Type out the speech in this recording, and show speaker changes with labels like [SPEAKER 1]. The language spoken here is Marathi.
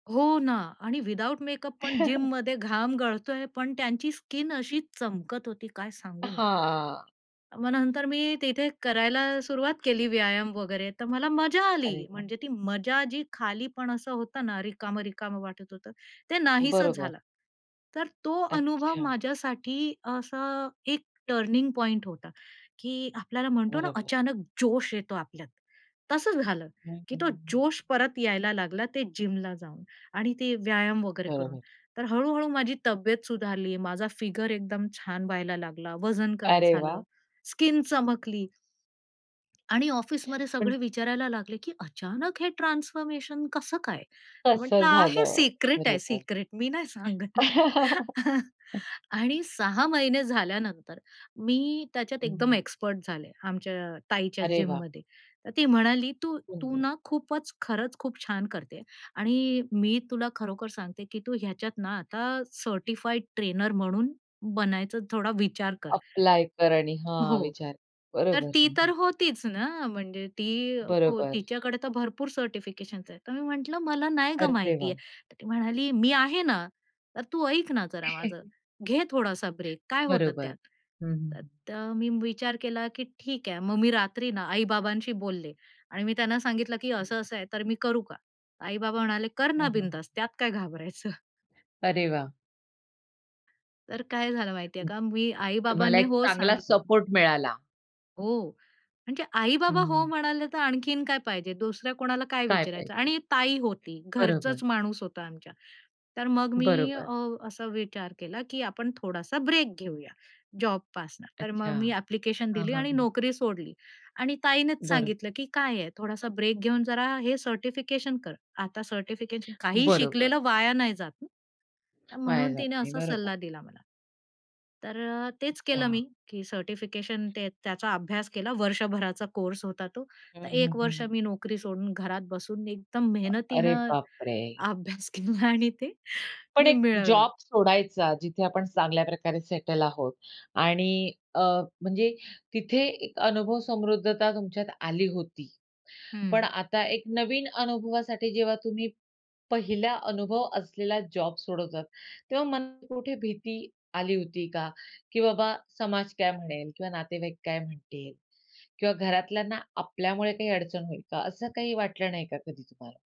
[SPEAKER 1] हो ना. आणि विथआऊट मेकअप पण जिममध्ये घाम गळतोय पण त्यांची स्किन अशी चमकत होती काय सांगू मी?
[SPEAKER 2] हां.
[SPEAKER 1] मग नंतर मी तिथे करायला सुरुवात केली व्यायाम वगैरे. तर मला मजा
[SPEAKER 2] अरे
[SPEAKER 1] आली.
[SPEAKER 2] वाह!
[SPEAKER 1] म्हणजे ती मजा जी खालीपण असं होतं ना, रिकामं-रिकामं वाटत होतं, ते नाहीसंच
[SPEAKER 2] बरोबर.
[SPEAKER 1] झालं. तर तो अनुभव
[SPEAKER 2] अच्छा.
[SPEAKER 1] माझ्यासाठी असा, एक टर्निंग पॉइंट होता की आपल्याला म्हणतो ना
[SPEAKER 2] बरोबर.
[SPEAKER 1] अचानक जोश येतो आपल्यात. तसंच झालं
[SPEAKER 2] हं,
[SPEAKER 1] की
[SPEAKER 2] हं,
[SPEAKER 1] तो
[SPEAKER 2] हं, हं.
[SPEAKER 1] जोश परत यायला लागला ते जिमला जाऊन आणि ते व्यायाम वगैरे करून.
[SPEAKER 2] बरोबर.
[SPEAKER 1] तर हळूहळू माझी तब्येत सुधारली. माझा फिगर एकदम छान व्हायला लागला, वजन कमी
[SPEAKER 2] अरे
[SPEAKER 1] झालं,
[SPEAKER 2] वाह!
[SPEAKER 1] स्किन चमकली. आणि ऑफिसमध्ये
[SPEAKER 2] पण.
[SPEAKER 1] सगळे विचारायला लागले, की अचानक हे ट्रान्सफॉर्मेशन कसं काय?
[SPEAKER 2] कसं
[SPEAKER 1] म्हंटलं "आहे हे
[SPEAKER 2] झालं?
[SPEAKER 1] सिक्रेट आहे,
[SPEAKER 2] बरोबर.
[SPEAKER 1] सिक्रेट. मी नाही सांगत." आणि 6 महिने झाल्यानंतर मी त्याच्यात
[SPEAKER 2] हं,
[SPEAKER 1] एकदम
[SPEAKER 2] हं.
[SPEAKER 1] एक्सपर्ट झाले. आमच्या ताईच्या
[SPEAKER 2] अरे वाह!
[SPEAKER 1] जिममध्ये. तर ती म्हणाली, "तू, तू
[SPEAKER 2] पिंजरा.
[SPEAKER 1] ना खूपच, खरंच खूप छान करते आणि मी तुला खरोखर सांगते की तू ह्याच्यात ना आता सर्टिफाइड ट्रेनर म्हणून बनायचा थोडा विचार कर."
[SPEAKER 2] अप्लाय कर आणि हां,
[SPEAKER 1] हो.
[SPEAKER 2] विचार.
[SPEAKER 1] तर
[SPEAKER 2] बरोबर.
[SPEAKER 1] ती तर होतीच ना. म्हणजे ती
[SPEAKER 2] बरोबर.
[SPEAKER 1] तिच्याकडे तर भरपूर सर्टिफिकेशन्स आहेत. तर मी म्हंटलं मला नाही गं
[SPEAKER 2] अरे
[SPEAKER 1] माहिती
[SPEAKER 2] देवा!
[SPEAKER 1] आहे. तर ती म्हणाली "मी आहे ना. तर तू ऐक ना, जरा माझं. घे थोडासा ब्रेक काय होतात
[SPEAKER 2] बरोबर.
[SPEAKER 1] त्यात?"
[SPEAKER 2] हं, हं, हं.
[SPEAKER 1] तर मी विचार केला, की ठीक आहे. मग मी रात्री ना आई-बाबांशी बोलले आणि मी त्यांना सांगितलं की
[SPEAKER 2] [unintelligible]
[SPEAKER 1] असं-असं आहे तर मी करू का? आई बाबा म्हणाले, "कर ना
[SPEAKER 2] हं, हं, हं.
[SPEAKER 1] बिंदास त्यात काय घाबरायचं."
[SPEAKER 2] अरे वाह!
[SPEAKER 1] तर काय झालं माहिती आहे
[SPEAKER 2] हं.
[SPEAKER 1] का? मी आई
[SPEAKER 2] तुम्हाला
[SPEAKER 1] बाबांनी
[SPEAKER 2] एक
[SPEAKER 1] हो
[SPEAKER 2] चांगला
[SPEAKER 1] सांगितलं.
[SPEAKER 2] सपोर्ट मिळाला.
[SPEAKER 1] हो. म्हणजे
[SPEAKER 2] हं,
[SPEAKER 1] आई-बाबा हो
[SPEAKER 2] हं.
[SPEAKER 1] म्हणाले, तर आणखीन काय पाहिजे? दुसऱ्या कोणाला काय
[SPEAKER 2] काय
[SPEAKER 1] विचारायचं
[SPEAKER 2] पाहिजे?
[SPEAKER 1] आणि ताई होती.
[SPEAKER 2] बरोबर.
[SPEAKER 1] घरचाच माणूस होता आमच्या. तर मग मी अ,
[SPEAKER 2] बरोबर.
[SPEAKER 1] असा विचार केला की आपण थोडासा ब्रेक घेऊया, जॉबपासनं. तर
[SPEAKER 2] अच्छा.
[SPEAKER 1] मग मी ॲप्लिकेशन
[SPEAKER 2] हां,
[SPEAKER 1] दिली
[SPEAKER 2] हां,
[SPEAKER 1] आणि
[SPEAKER 2] हां.
[SPEAKER 1] नोकरी सोडली आणि ताईनेच
[SPEAKER 2] बरं.
[SPEAKER 1] सांगितलं की काय आहे, थोडासा ब्रेक घेऊन जरा हे सर्टिफिकेशन कर. आता सर्टिफिकेशन काही
[SPEAKER 2] बरोबर.
[SPEAKER 1] शिकलेलं वाया नाही जात ना.
[SPEAKER 2] वाया
[SPEAKER 1] म्हणून
[SPEAKER 2] जात
[SPEAKER 1] तिने
[SPEAKER 2] नाही.
[SPEAKER 1] असा
[SPEAKER 2] बरोबर
[SPEAKER 1] सल्ला
[SPEAKER 2] आहे.
[SPEAKER 1] दिला मला. तर तेच केलं मी,
[SPEAKER 2] अच्छा.
[SPEAKER 1] की सर्टिफिकेशन ते त्याचा अभ्यास केला वर्षभराचा कोर्स होता तो.
[SPEAKER 2] हं,
[SPEAKER 1] तर
[SPEAKER 2] हं,
[SPEAKER 1] 1
[SPEAKER 2] हं,
[SPEAKER 1] वर्ष
[SPEAKER 2] हं.
[SPEAKER 1] मी नोकरी सोडून घरात बसून, एकदम
[SPEAKER 2] अ, अरे
[SPEAKER 1] मेहनतीनं
[SPEAKER 2] बापरे!
[SPEAKER 1] अभ्यास केला आणि ते
[SPEAKER 2] पण
[SPEAKER 1] मी
[SPEAKER 2] एक
[SPEAKER 1] मिळवलं.
[SPEAKER 2] जॉब सोडायचा, जिथे आपण चांगल्या प्रकारे सेटल आहोत. आणि अ, म्हणजे तिथे एक अनुभव समृद्धता तुमच्यात आली होती.
[SPEAKER 1] हं.
[SPEAKER 2] पण आता एक नवीन अनुभवासाठी जेव्हा तुम्ही पहिला अनुभव असलेला जॉब सोडतात, तेव्हा मनात कुठे भीती आली होती का? की बाबा समाज काय म्हणेल, किंवा नातेवाईक काय म्हणतील? किंवा घरातल्यांना आपल्यामुळे काही अडचण होईल का? असं काही वाटलं नाही का कधी तुम्हाला?